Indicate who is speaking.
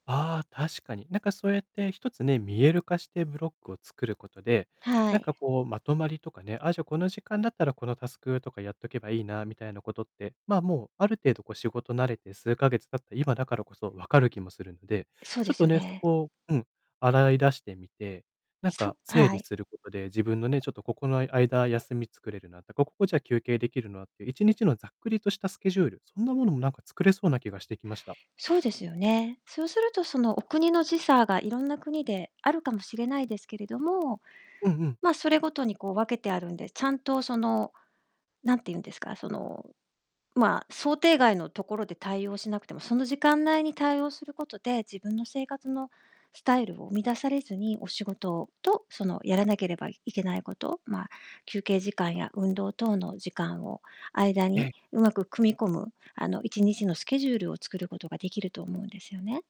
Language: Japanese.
Speaker 1: ああ、確かに。なんかそうやって、1つね、見える化してブロックを作ることで、
Speaker 2: は
Speaker 1: なん
Speaker 2: い。
Speaker 1: かこう、まとまりとかね「あ、じゃあ、この時間だったら、このタスクとかやっとけばいいな」みたいなことって、まあ、もう、ある程度、こう、仕事慣れて数ヶ月経った、今だからこそ分かる気もするんで、
Speaker 2: そう
Speaker 1: ち
Speaker 2: で
Speaker 1: ょっ
Speaker 2: す
Speaker 1: と
Speaker 2: よ
Speaker 1: ね、そ
Speaker 2: ね。
Speaker 1: こをうん。洗い出してみて、なんか
Speaker 2: そあ、
Speaker 1: 整
Speaker 2: は
Speaker 1: 理
Speaker 2: い。
Speaker 1: することで、自分のね「ちょっとここの間休みつ作れるな」と「ここ、こう、じゃあ休憩できるな」っていう、1日のざっくりとしたスケジュール、そんなものもなんか作れそうな気がしてきました。
Speaker 2: そうですよね。そうすると、そのお国の時差がいろんな国で、あるかもしれないですけれども。
Speaker 1: うんうん。
Speaker 2: まあ、それごとに、こう、分けてあるんで、ちゃんと、その、何て言うんですか。その、まあ、想定外のところで対応しなくても、その時間内に対応することで、自分の生活のスタイルを生み出されずに、お仕事と、そのやらなければいけないこと。まあ、休憩時間や運動等の時間を間
Speaker 1: ええ。
Speaker 2: にうまく組み込む、あの、1日のスケジュールを作ることができると思うんですよね。